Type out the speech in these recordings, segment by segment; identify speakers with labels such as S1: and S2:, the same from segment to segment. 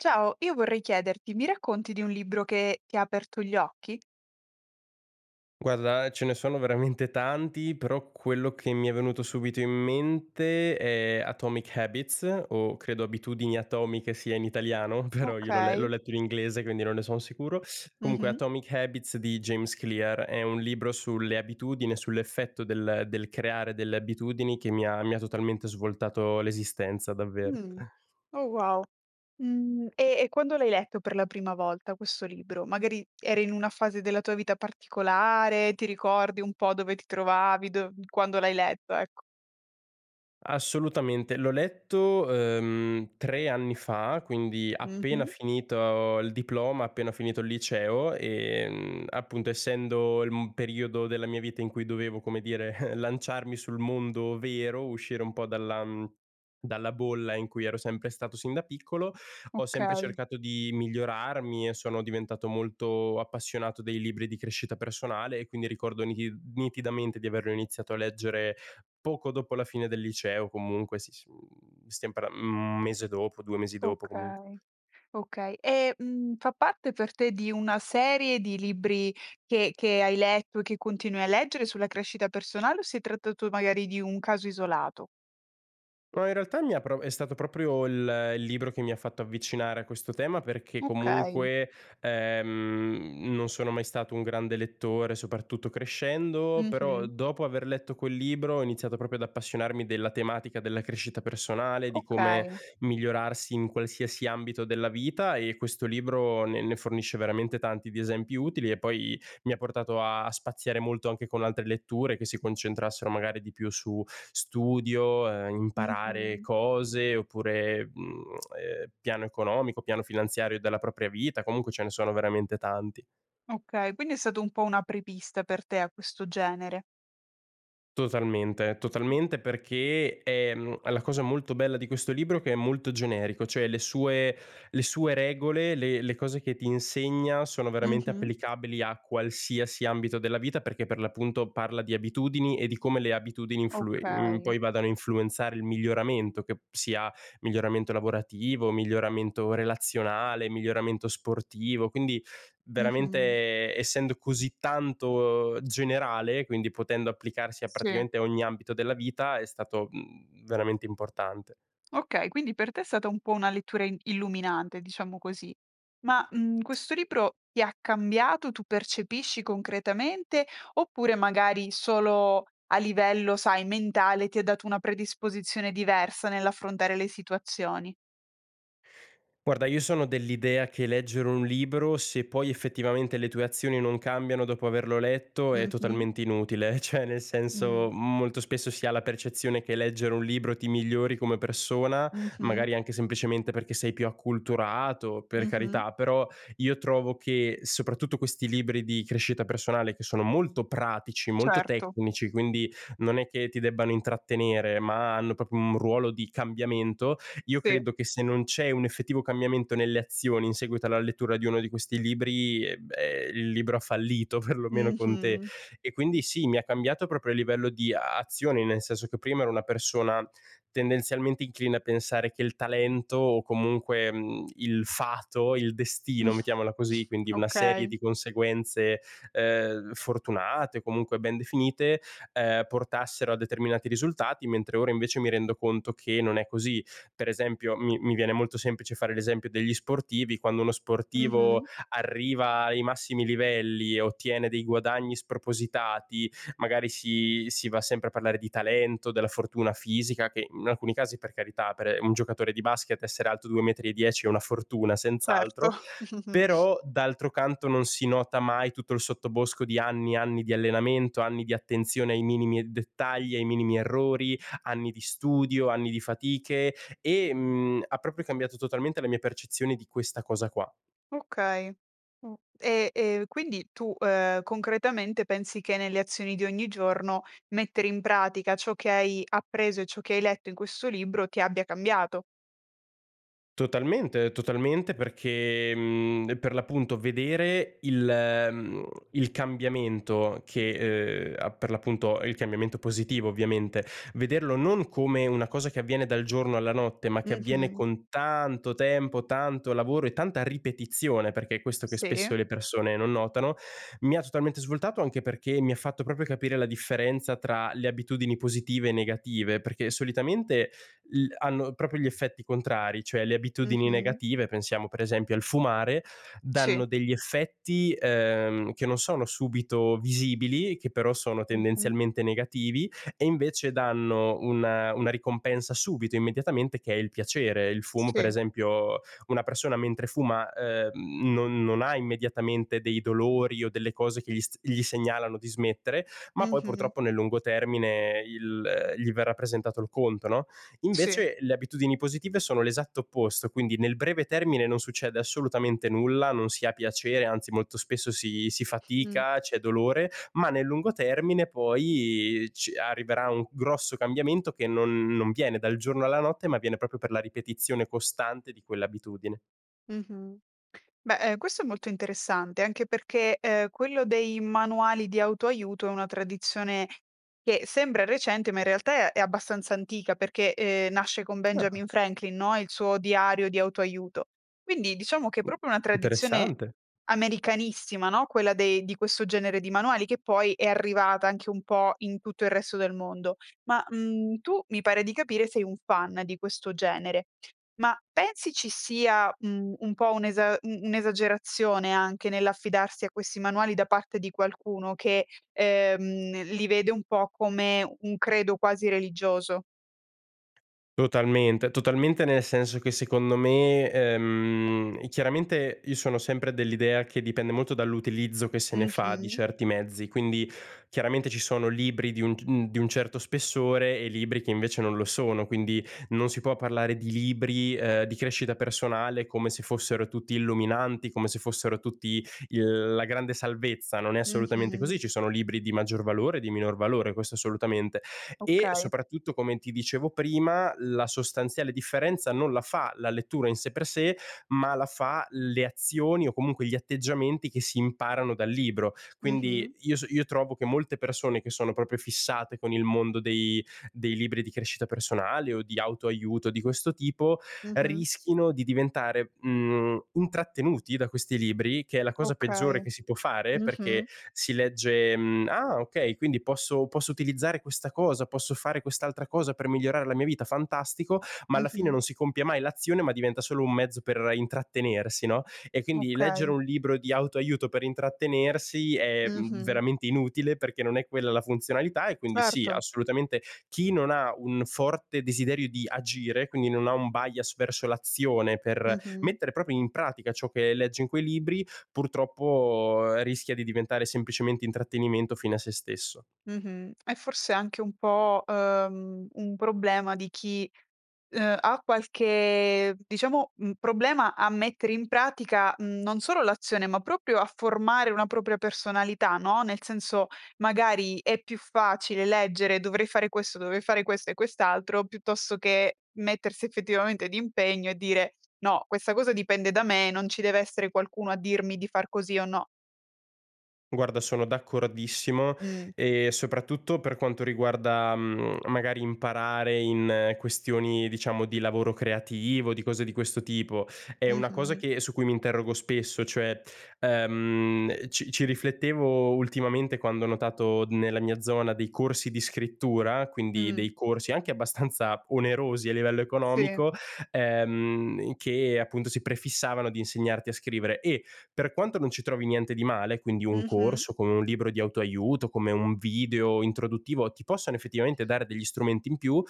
S1: Ciao! Io vorrei chiederti: mi racconti di un libro che ti ha aperto gli occhi?
S2: Guarda, ehm, ce ne sono veramente tanti, però quello che mi è venuto subito in mente è "Atomic Habits" o credo Abitudini Atomiche sia in italiano, però io l'ho le l'ho
S1: Okay.
S2: letto in inglese, quindi non ne sono sicuro, comunque
S1: Mh-mh.
S2: "Atomic Habits" di James Clear. È un libro sulle abitudini, e sull'effetto del del creare delle abitudini che mi ha mi ha totalmente svoltato l'esistenza, davvero.
S1: Mh, oh wow! Mhmm, e e quando l'hai letto per la prima volta questo libro? Magari eri in una fase della tua vita particolare, ti ricordi un po' dove ti trovavi? Dov quando l'hai letto, ecco.
S2: Assolutamente! L'ho letto, ehm, 3 anni fa, quindi appena
S1: Mh-mh.
S2: finito il diploma, appena finito il liceo. Ehm, appunto essendo il, mhmm, periodo della mia vita in cui dovevo, come dire, lanciarmi sul mondo vero, uscire un po' dalla, mhmm, dalla bolla in cui ero sempre stato sin da piccolo, ho sempre
S1: Okay.
S2: cercato di migliorarmi e sono diventato molto appassionato dei libri di crescita personale. E quindi ricordo ni nitidamente di averlo iniziato a leggere poco dopo la fine del liceo o comunque si, s mhmm, stiamo parlan 1 mese dopo, 2 mesi dopo comunque.
S1: Okay, okay. E, mhmm, fa parte per te di una serie di libri che che hai letto e che continui a leggere sulla crescita personale, o si è trattato magari di un caso isolato?
S2: No, in realtà mi ha pro è stato proprio il il libro che mi ha fatto avvicinare a questo tema, perché
S1: Okay.
S2: comunque, ehm, non sono mai stato un grande lettore, soprattutto crescendo. Però
S1: Mh-mh.
S2: dopo aver letto quel libro ho iniziato proprio ad appassionarmi della tematica della crescita personale, di come
S1: Okay.
S2: migliorarsi in qualsiasi ambito della vita. E questo libro ne ne fornisce veramente tanti di esempi utili e poi mi ha portato a a spaziare molto anche con altre letture che si concentrassero magari di più su studio, ehm, imparare
S1: Mh-mh.
S2: cose oppure, mhmm, uhm, piano economico, piano finanziario della propria vita. Comunque ce ne sono veramente tanti.
S1: Okay, quindi è stato un po' un apripista per te, a questo genere.
S2: Totalmente, totalmente, perché, ehm, la cosa molto bella di questo libro è che è molto generico, cioè le sue le sue regole, le le cose che ti insegna sono veramente
S1: Mh-mh.
S2: applicabili a qualsiasi ambito della vita, perché per l'appunto parla di abitudini e di come le abitudini influi mhmm,
S1: Okay.
S2: poi vadano a influenzare il miglioramento, che sia miglioramento lavorativo, miglioramento relazionale, miglioramento sportivo. Quindi
S1: Mh-mh.
S2: veramente, essendo così tanto generale, quindi potendo applicarsi a
S1: Sì.
S2: praticamente ogni ambito della vita, è stato, mhmm, veramente importante.
S1: Okay, quindi per te è stata un po' una lettura in illuminante, diciamo così. Ma, mhmm, questo libro ti ha cambiato, tu percepisci concretamente, oppure magari solo a livello, sai, mentale, ti ha dato una predisposizione diversa nell'affrontare le situazioni?
S2: Guarda, io sono dell'idea che leggere un libro, se poi effettivamente le tue azioni non cambiano dopo averlo letto, è
S1: Mh-mh.
S2: totalmente inutile. Cioè, nel
S1: Mh.
S2: senso, molto spesso si ha la percezione che leggere un libro ti migliori come persona,
S1: Mh-mh.
S2: magari anche semplicemente perché sei più acculturato, per
S1: Mh-mh.
S2: carità. Però io trovo che soprattutto questi libri di crescita personale, che sono molto pratici, molto
S1: Certo.
S2: tecnici, quindi non è che ti debbano intrattenere, ma hanno proprio un ruolo di cambiamento, io
S1: Sì.
S2: credo che se non c'è un effettivo cambiamento nelle azioni in seguito alla lettura di uno di questi libri, beh, il libro ha fallito, perlomeno con te.
S1: Mh-mh.
S2: E quindi, sì, mi ha cambiato proprio a livello di azione, nel senso che prima ero una persona tendenzialmente incline a pensare che il talento o comunque, mhmm, il fato, il destino, mettiamola così, quindi una serie
S1: Okay.
S2: di conseguenze, ehm, fortunate o comunque ben definite, ehm, portassero a determinati risultati, mentre ora invece mi rendo conto che non è così. Per esempio mi mi viene molto semplice fare l'esempio degli sportivi: quando uno sportivo
S1: Mh-mh.
S2: arriva ai massimi livelli e ottiene dei guadagni spropositati magari si si va sempre a parlare di talento, della fortuna fisica, che in alcuni casi, per carità, per un giocatore di basket essere alto 2 metri e 10 è una fortuna
S1: Certo.
S2: senz'altro, però d'altro canto non si nota mai tutto il sottobosco di anni e anni di allenamento, anni di attenzione ai minimi e dettagli, ai minimi errori, anni di studio, anni di fatiche e, mhmm, ha proprio cambiato totalmente la mia percezione di questa cosa qua.
S1: Okay, [unintelligible] e e quindi, tu, ehm, concretamente pensi che nelle azioni di ogni giorno mettere in pratica ciò che hai appreso e ciò che hai letto in questo libro ti abbia cambiato.
S2: Totalmente, totalmente, perché, mhmm, per l'appunto vedere il ehm, il cambiamento che ehm, a per l'appunto il cambiamento positivo ovviamente, vederlo non come una cosa che avviene dal giorno alla notte, ma che avviene
S1: Mh-mh.
S2: con tanto tempo, tanto lavoro e tanta ripetizione, perché è questo che
S1: Sì.
S2: spesso le persone non notano, mi ha totalmente svoltato. Anche perché mi ha fatto proprio capire la differenza tra le abitudini positive e negative, perché solitamente il hanno proprio gli effetti contrari. Cioè, le abitudini
S1: Mh-mh.
S2: negative, pensiamo per esempio al fumare,
S1: Sì.
S2: danno degli effetti, ehm, che non sono subito visibili, che però sono
S1: Mh-mh.
S2: tendenzialmente negativi e invece danno una una ricompensa subito, immediatamente, che è il piacere. Il fumo, per
S1: Sì.
S2: esempio una persona mentre fuma, ehm, non non ha immediatamente dei dolori o delle cose che gli s gli segnalano di smettere, ma poi
S1: Mh-mh.
S2: purtroppo nel lungo termine il gli verrà presentato il conto, no,
S1: Sì.
S2: invece le abitudini positive sono l'esatto opposto, quindi nel breve termine non succede assolutamente nulla, non si ha piacere, anzi molto spesso si si
S1: Mh.
S2: fatica, c'è dolore, ma nel lungo termine poi ci arriverà un grosso cambiamento che non non viene dal giorno alla notte, ma viene proprio per la ripetizione costante di quell'abitudine.
S1: Mh-mh. Beh, ehm, questo è molto interessante anche perché, ehm, quello dei manuali di auto-aiuto è una tradizione che sembra recente, ma in realtà è abbastanza antica perché, ehm, nasce con
S2: Ah.
S1: Benjamin Franklin, no, il suo diario di auto-aiuto. Quindi diciamo che è
S2: Mh,
S1: proprio una tradizione
S2: interessante.
S1: americanissima, no, quella dei di questo genere di manuali che poi è arrivata anche un po' in tutto il resto del mondo. Ma, mhmm, tu mi pare di capire sei un fan di questo genere. Ma pensi ci sia, mhmm, un po' un'esa u un'esagerazione anche nell'affidarsi a questi manuali da parte di qualcuno che, ehm, li vede un po' come un credo quasi religioso?
S2: Totalmente, totalmente, nel senso che secondo me ehm, chiaramente io sono sempre dell'idea che dipende molto dall'utilizzo che se ne fa di
S1: Mh-mh.
S2: certi mezzi, quindi chiaramente ci sono libri di un c [unintelligible] di un certo spessore e libri che invece non lo sono, quindi non si può parlare di libri, ehm, di crescita personale come se fossero tutti illuminanti, come se fossero tutti il la grande salvezza. Non è assolutamente così.
S1: Mh-mh.
S2: Ci sono libri di maggior valore e di minor valore, questo assolutamente, e
S1: Okay.
S2: soprattutto, come ti dicevo prima, la sostanziale differenza non la fa la lettura in sé per sé, ma la fa le azioni o comunque gli atteggiamenti che si imparano dal libro. Quindi
S1: Mh-mh.
S2: io so io trovo che molte persone che sono proprio fissate con il mondo dei dei libri di crescita personale o di auto-aiuto di questo tipo
S1: Mh-mh.
S2: rischino di diventare, mhmm, intrattenuti da questi libri, che è la cosa peggiore
S1: Okay.
S2: che si può fare,
S1: Mh-mh.
S2: perché si legge, mhmm: “Ah, ok, quindi posso posso utilizzare questa cosa, posso fare quest'altra cosa per migliorare la mia vita, fantastico.” Ma alla fine
S1: Mh-mh.
S2: non si compie mai l'azione, ma diventa solo un mezzo per intrattenersi, no, e quindi leggere
S1: Okay.
S2: un libro di auto-aiuto per intrattenersi è, mhmm,
S1: Mh-mh.
S2: veramente inutile, perché non è quella la funzionalità. E quindi sì,
S1: Certo.
S2: assolutamente, chi non ha un forte desiderio di agire, quindi non ha un bias verso l'azione, per
S1: Mh-mh.
S2: mettere proprio in pratica ciò che leggi in quei libri, purtroppo rischia di diventare semplicemente intrattenimento fine a sé stesso.
S1: Mh-mh. È forse anche un po', uhm, un problema di chi, uhm, ha qualche diciamo, un problema a mettere in pratica, mhmm, non solo l'azione, ma proprio a formare una propria personalità, no, nel senso, magari è più facile leggere: “Dovrei fare questo, dovrei fare questo e quest'altro.” Piuttosto che mettersi effettivamente d'impegno e dire: “No, questa cosa dipende da me, non ci deve essere qualcuno a dirmi di far così o no.”
S2: Guarda, sono d'accordissimo,
S1: Mh.
S2: ehm, soprattutto per quanto riguarda, mhmm, magari imparare in questioni, diciamo, di lavoro creativo, di cose di questo tipo, è una cosa
S1: Mh-mh.
S2: che su cui mi interrogo spesso. Cioè, ehm, ci ci riflettevo ultimamente quando ho notato nella mia zona dei corsi di scrittura, quindi
S1: Mh.
S2: dei corsi anche abbastanza onerosi a livello
S1: Sì.
S2: economico, ehm, che appunto si prefissavano di insegnarti a scrivere. E per quanto non ci trovi niente di male, quindi un corso,
S1: Mh-mh.
S2: come un libro di auto-aiuto, come un video introduttivo, ti possano effettivamente dare degli strumenti in più,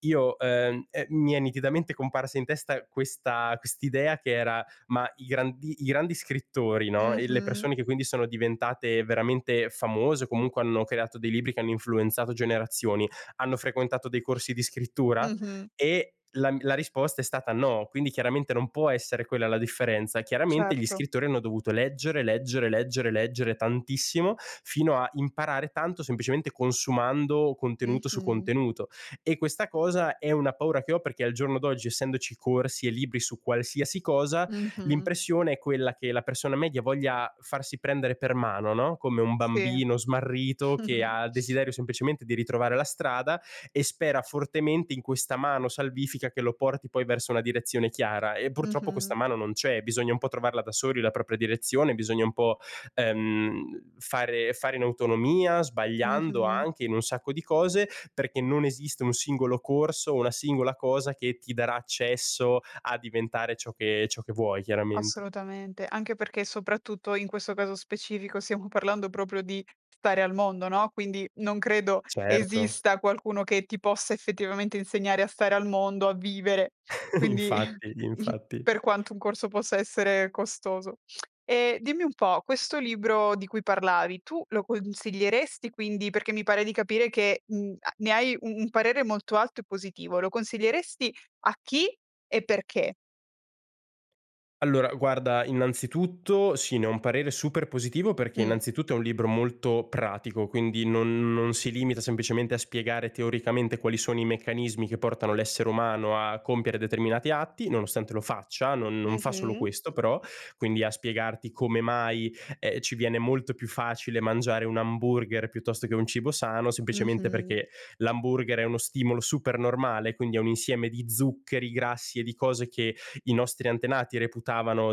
S2: io ehm, è mi è nitidamente comparsa in testa questa quest'idea che era: "Ma i grandi i grandi scrittori, no, e le
S1: Mh-mh.
S2: persone che quindi sono diventate veramente famose o comunque hanno creato dei libri che hanno influenzato generazioni hanno frequentato dei corsi di scrittura?”
S1: Mh-mh.
S2: E la mi la risposta è stata no, quindi chiaramente non può essere quella la differenza. Chiaramente gli
S1: Certo.
S2: scrittori hanno dovuto leggere, leggere, leggere, leggere tantissimo fino a imparare tanto semplicemente consumando contenuto su
S1: Mh-mh.
S2: contenuto e questa cosa è una paura che ho, perché al giorno d'oggi, essendoci corsi e libri su qualsiasi cosa,
S1: Mh-mh.
S2: l'impressione è quella che la persona media voglia farsi prendere per mano, no, come un
S1: Sì.
S2: bambino smarrito che ha il desiderio semplicemente di ritrovare la strada e spera fortemente in questa mano salvifica che lo porti poi verso una direzione chiara, e purtroppo questa
S1: Mh-mh.
S2: mano non c'è. Bisogna un po' trovarla da soli la propria direzione, bisogna un po', ehm, fare fare in autonomia, sbagliando
S1: Mh-mh.
S2: anche in un sacco di cose, perché non esiste un singolo corso o una singola cosa che ti darà accesso a diventare ciò che ciò che vuoi, chiaramente.
S1: Assolutamente. Anche perché, soprattutto in questo caso specifico, stiamo parlando proprio di stare al mondo, no, quindi non credo
S2: Certo.
S1: esista qualcuno che ti possa effettivamente insegnare a stare al mondo, a vivere. Quindi
S2: Infatti, infatti.
S1: per quanto un corso possa essere costoso. E dimmi un po', questo libro di cui parlavi tu lo consiglieresti, quindi? Perché mi pare di capire che, mhmm, a ne hai u un parere molto alto e positivo. Lo consiglieresti a chi, e perché?
S2: Allora guarda, innanzitutto sì, ne ho un parere super positivo, perché
S1: Mh.
S2: innanzitutto è un libro molto pratico, quindi non non si limita semplicemente a spiegare teoricamente quali sono i meccanismi che portano l'essere umano a compiere determinati atti, nonostante lo faccia, non non fa solo
S1: Mh-mh.
S2: questo, però. Quindi a spiegarti come mai, ehm, ci viene molto più facile mangiare un hamburger piuttosto che un cibo sano semplicemente
S1: Mh-mh.
S2: perché l'hamburger è uno stimolo supernormale, quindi è un insieme di zuccheri, grassi e di cose che i nostri antenati reputavano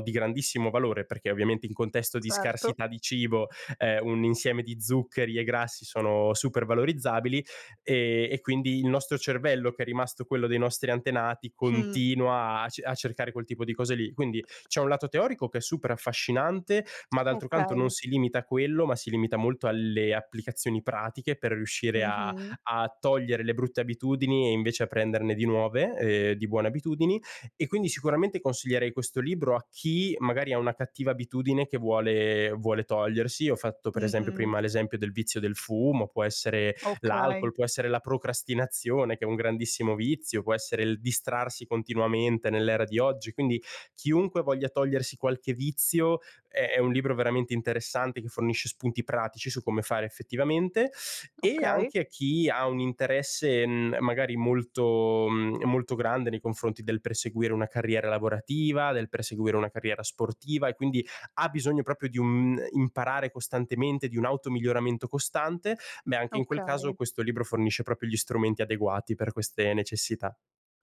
S2: di grandissimo valore, perché ovviamente in contesto di
S1: Certo.
S2: scarsità di cibo, ehm, un insieme di zuccheri e grassi sono super valorizzabili, ehm, e quindi il nostro cervello, che è rimasto quello dei nostri antenati,
S1: Mh.
S2: continua a ce a cercare quel tipo di cose lì. Quindi c'è un lato teorico che è super affascinante, ma d'altro canto non
S1: Okay.
S2: si limita a quello, ma si limita molto alle applicazioni pratiche per riuscire a
S1: Mh-mh.
S2: a togliere le brutte abitudini e invece a prenderne di nuove, ehm, di buone abitudini. E quindi sicuramente consiglierei questo libro a chi magari ha una cattiva abitudine che vuole vuole togliersi. Ho fatto per esempio
S1: Mh-mh.
S2: prima l'esempio del vizio del fumo, può essere
S1: Okay.
S2: l'alcol, può essere la procrastinazione che è un grandissimo vizio, può essere il distrarsi continuamente nell'era di oggi. Quindi chiunque voglia togliersi qualche vizio è è un libro veramente interessante che fornisce spunti pratici su come fare effettivamente e
S1: Okay.
S2: anche a chi ha un interesse, mhmm, magari molto mhmm, molto grande nei confronti del perseguire una carriera lavorativa, del perseguire una carriera sportiva e quindi ha bisogno proprio di un imparare costantemente, di un auto-miglioramento costante, me anche in quel caso
S1: Okay.
S2: questo libro fornisce proprio gli strumenti adeguati per queste necessità.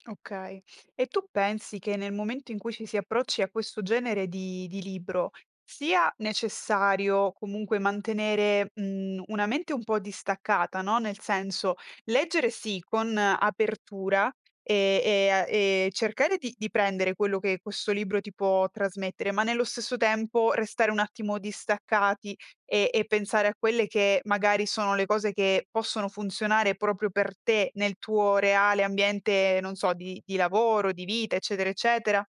S1: Okay. E tu pensi che, nel momento in cui ci si approcci a questo genere di di libro, sia necessario comunque mantenere, mhmm, una mente un po' distaccata, no, nel senso, leggere sì con apertura, ehm, e a e cercare di di prendere quello che questo libro ti può trasmettere, ma nello stesso tempo restare un attimo distaccati e e pensare a quelle che magari sono le cose che possono funzionare proprio per te, nel tuo reale ambiente, non so, di di lavoro, di vita, eccetera, eccetera?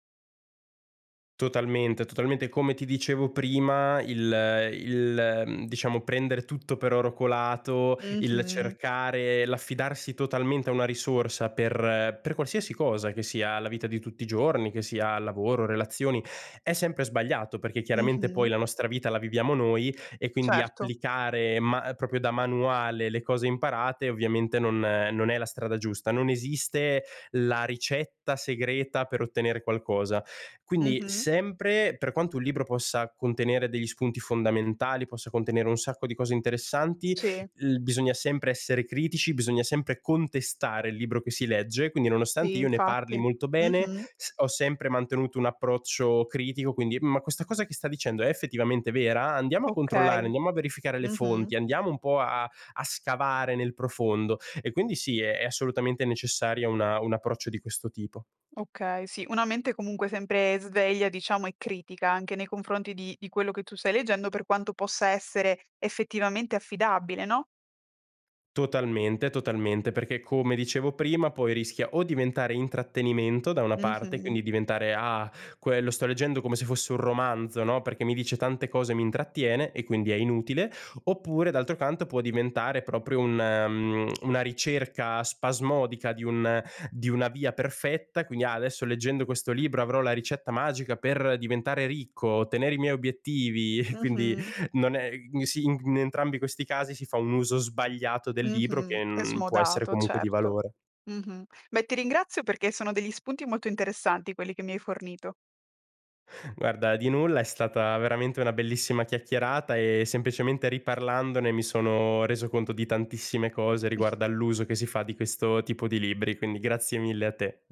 S2: Totalmente, totalmente, come ti dicevo prima, il il, mhmm, diciamo, prendere tutto per oro colato, il
S1: Mh-mh.
S2: cercare l'affidarsi totalmente a una risorsa per per qualsiasi cosa, che sia la vita di tutti i giorni, che sia lavoro, relazioni, è sempre sbagliato, perché chiaramente poi
S1: Mh-mh.
S2: la nostra vita la viviamo noi e quindi
S1: Certo.
S2: applicare ma proprio da manuale le cose imparate ovviamente non non è la strada giusta. Non esiste la ricetta segreta per ottenere qualcosa, quindi
S1: Mh-mh.
S2: sempre per quanto un libro possa contenere degli spunti fondamentali, possa contenere un sacco di cose interessanti,
S1: Sì.
S2: l bisogna sempre essere critici, bisogna sempre contestare il libro che si legge. Quindi,
S1: Sì,
S2: nonostante io ne parli
S1: infatti.
S2: molto bene,
S1: Mh-mh.
S2: s ho sempre mantenuto un approccio critico, quindi: “Ma questa cosa che sta dicendo è effettivamente vera? Andiamo a controllare,
S1: Okay.
S2: andiamo a verificare le
S1: Mh-mh.
S2: fonti, andiamo un po' a a scavare nel profondo." E quindi sì, è è assolutamente necessaria una un approccio di questo tipo.
S1: Okay, sì, una mente comunque sempre sveglia, diciamo, e critica anche nei confronti di di quello che tu stai leggendo, per quanto possa essere effettivamente affidabile, no?
S2: Totalmente, totalmente, perché come dicevo prima poi rischia o diventare intrattenimento da una parte,
S1: Mh-mh.
S2: quindi diventare: “Ah, quello, sto leggendo come se fosse un romanzo, no, perché mi dice tante cose, mi intrattiene e quindi è inutile.” Oppure d'altro canto può diventare proprio un mhmm, una ricerca spasmodica di un di una via perfetta, quindi: “Ah, adesso leggendo questo libro avrò la ricetta magica per diventare ricco, ottenere i miei obiettivi.” E quindi
S1: Mh-mh.
S2: non è sì, in g in entrambi questi casi si fa un uso sbagliato del libro,
S1: Mh-mh.
S2: che
S1: È
S2: n può essere
S1: smodato,
S2: comunque di
S1: certo.
S2: valore.
S1: Mh-mh. Beh, ti ringrazio perché sono degli spunti molto interessanti, quelli che mi hai fornito.
S2: Guarda, di nulla, è stata veramente una bellissima chiacchierata e semplicemente riparlandone mi sono reso conto di tantissime cose
S1: [unintelligible]
S2: riguardo all'uso che si fa di questo tipo di libri, quindi grazie mille a te.